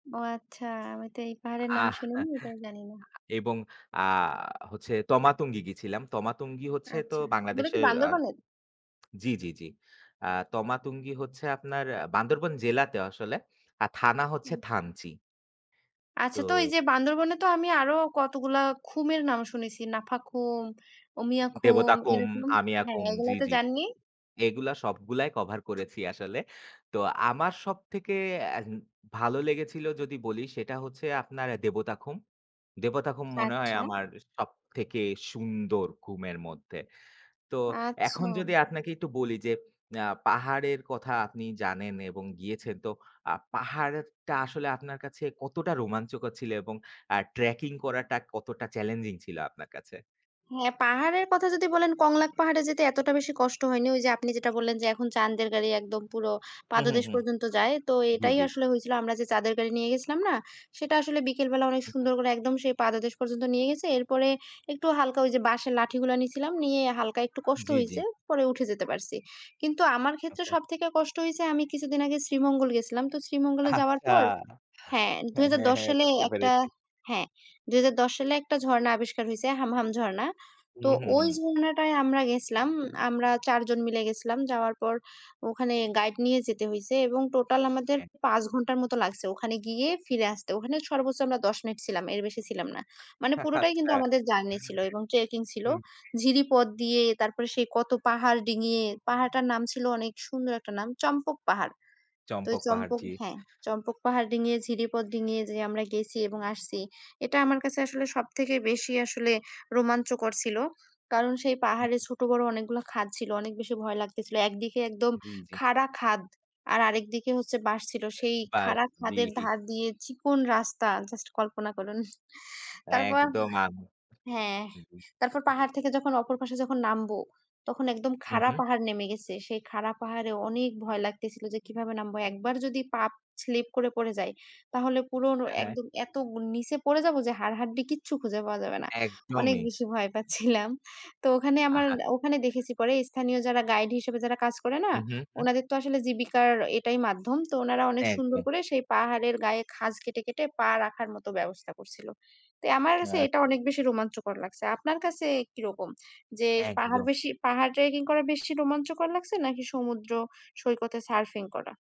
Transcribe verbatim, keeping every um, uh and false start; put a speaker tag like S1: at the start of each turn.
S1: ও আচ্ছা, আমি তো এই
S2: আহ
S1: পাহাড়ের
S2: আ
S1: নাম শুনিনি, তাই জানিনা।
S2: এবং আ হচ্ছে তমা তুঙ্গি গিয়েছিলাম। তমা তুঙ্গি হচ্ছে তো
S1: আচ্ছা, বনে কি
S2: বাংলাদেশের আ
S1: বান্দরবানের?
S2: জি, জি, জি। অ্যা তমা তুঙ্গি হচ্ছে আপনার আ বান্দরবান জেলাতেও আসলে। আর থানা
S1: ও! আচ্ছা।
S2: হচ্ছে থানচি।
S1: আচ্ছা, তো এই
S2: তো
S1: যে বান্দরবনে তো আমি আরও কতগুলা খুমের নাম শুনেছি। নাফাখুম, উমিয়াখুম
S2: দেবতা কুম,
S1: এরকম
S2: আমিয়া
S1: হ্যাঁ,
S2: কুম জি,
S1: এগুলা তে
S2: জি।
S1: যান নি?
S2: এগুলা সবগুলাই cover করেছি আসলে। তো আমার সবথেকে অ্যাহে ভালো লেগেছিল যদি বলি সেটা হচ্ছে, আপনার দেবতা খুম। দেবতা খুম মনে হয়
S1: আচ্ছা।
S2: আমার সবথেকে সুন্দর খুমের মধ্যে। তো এখন
S1: আচ্ছাম।
S2: যদি আপনাকে একটু বলি যে অ্যা পাহাড়ের কথা আপনি জানেন এবং গিয়েছেন তো আ পাহাড়টা আসলে আপনার কাছে কতটা রোমাঞ্চকর ছিল এবং আ trekking করাটা কতটা challenging ছিল আপনার কাছে?
S1: হ্যাঁ, পাহাড়ের কথা যদি বলেন কংলাক পাহাড়ে যেতে এতটা বেশি কষ্ট হয়নি। ওই যে আপনি যেটা বললেন যে এখন চাঁন্দের গাড়ি একদম পুরো
S2: হুম, হুম,
S1: পাদদেশ
S2: হুম।
S1: পর্যন্ত যায়, তো
S2: জি,
S1: এটাই
S2: জি।
S1: আসলে হইছিল। আমরা যে চাঁদের গাড়ি নিয়ে গেছিলাম না? সেটা আসলে বিকেলবেলা অনেক
S2: উ উ
S1: সুন্দর করে একদম সেই পাদদেশ পর্যন্ত নিয়ে গেছে। এরপরে একটু হালকা ওই যে বাঁশের লাঠিগুলা নিছিলাম, নিয়ে হালকা একটু কষ্ট
S2: জি,
S1: হইছে।
S2: জি।
S1: পরে উঠে যেতে পারছি। কিন্তু আমার ক্ষেত্রে
S2: [unintelligible]
S1: সব থেকে কষ্ট হইছে আমি কিছুদিন আগে শ্রীমঙ্গল গেছিলাম। তো শ্রীমঙ্গলে যাওয়ার
S2: আচ্ছা।
S1: পর হ্যাঁ। দুই হাজার
S2: হ্যাঁ,
S1: দশ
S2: হ্যাঁ।
S1: সালে
S2: বুঝতে
S1: একটা
S2: পেরেছি।
S1: হ্যাঁ। দুই হাজার দশ সালে একটা ঝর্ণা আবিষ্কার হইছে, হামহাম ঝর্ণা। তো
S2: হুম, হুম,
S1: ওই
S2: হুম।
S1: ঝর্ণা টায় আমরা গেছলাম, আমরা চার জন মিলে গেছিলাম। যাওয়ার পর, ওখানে গাইড নিয়ে যেতে হয়েছে এবং টোটাল আমাদের
S2: একদ
S1: পাঁচ ঘণ্টার মতো লাগছে, ওখানে গিয়ে ফিরে আসতে। ওখানে সর্বোছছ আমরা দশ মিনিট ছিলাম, এর বেশি ছিলাম না। মানে পুরোটাই কিন্তু
S2: আচ্ছা।
S1: আমাদের জার্নি ছিল এবং ট্রেকিং ছিল।
S2: হুম।
S1: ঝিরিপথ দিয়ে তারপরে সেই কত পাহাড় ডিঙ্গিয়ে পাহাড়টার নাম ছিল অনেক সুন্দর একটা নাম চম্পক পাহাড়। তো ওই
S2: চম্পক পাহাড়,
S1: চম্পক
S2: জি।
S1: হ্যাঁ, চম্পক পাহাড় ডিঙ্গিয়ে, ঝিরিপথ ডিঙ্গিয়ে যে আমরা গেছি এবং আসছি, এটা আমার কাছে আসলে সব থেকে বেশি আসলে রোমাঞ্চকর ছিলো। কারণ সেই পাহাড়ে ছোট বড় অনেকগুলো খাদ ছিল, অনেক বেশি ভয় লাগতেছিল। একদিকে একদম
S2: জি, জি।
S1: খাড়া খাদ আর আরেকদিকে হচ্ছে বাঁশ ছিল। সেই
S2: বার্স,
S1: খাড়া
S2: জি।
S1: খাদের ধার দিয়ে চিকন রাস্তা, জাস্ট কল্পনা করুন। তারপর
S2: একদম, আম
S1: হ্যাঁ।
S2: জি, জি।
S1: তারপর পাহাড় থেকে যখন অপর পাশে যখন নামবো, তখন একদম
S2: হুম,
S1: খাড়া
S2: হুম।
S1: পাহাড় নেমে গেছে, সেই খাড়া পাহাড়ে অনেক ভয় লাগতেছিল যে কিভাবে নামবো। একবার যদি পাপ স্লিপ করে পড়ে যায় তাহলে পুরোনো
S2: হ্যাঁ, হ্যাঁ।
S1: একদম এত নিচে পড়ে যাবো যে হাড়-হাড্ডি কিচ্ছু খুঁজে পাওয়া যাবে না। অনেক
S2: একদমই।
S1: বেশি ভয় পাচ্ছিলাম। তো ওখানে আমার
S2: আহা
S1: ওখানে দেখেছি পরে স্থানীয় যারা গাইড হিসেবে যারা কাজ করে না?
S2: হুম, হুম, হুম।
S1: ওনাদের তো আসলে জীবিকার এটাই মাধ্যম। তো ওনারা অনেক সুন্দর
S2: একদ
S1: করে সেই পাহাড়ের গায়ে খাঁজ কেটে, কেটে পা রাখার মতো ব্যবস্থা করছিল। তোই আমার কাছে এটা
S2: [unintelligible]
S1: অনেক বেশি রোমাঞ্চকর লাগছে। আপনার কাছে কীরকম? যের পাহাড়
S2: একদ
S1: বেশি পাহাড় ট্রেকিং করা বেশি রোমাঞ্চকর লাগছে নাকি সমুদ্র সৈকতে সার্ফিং করা?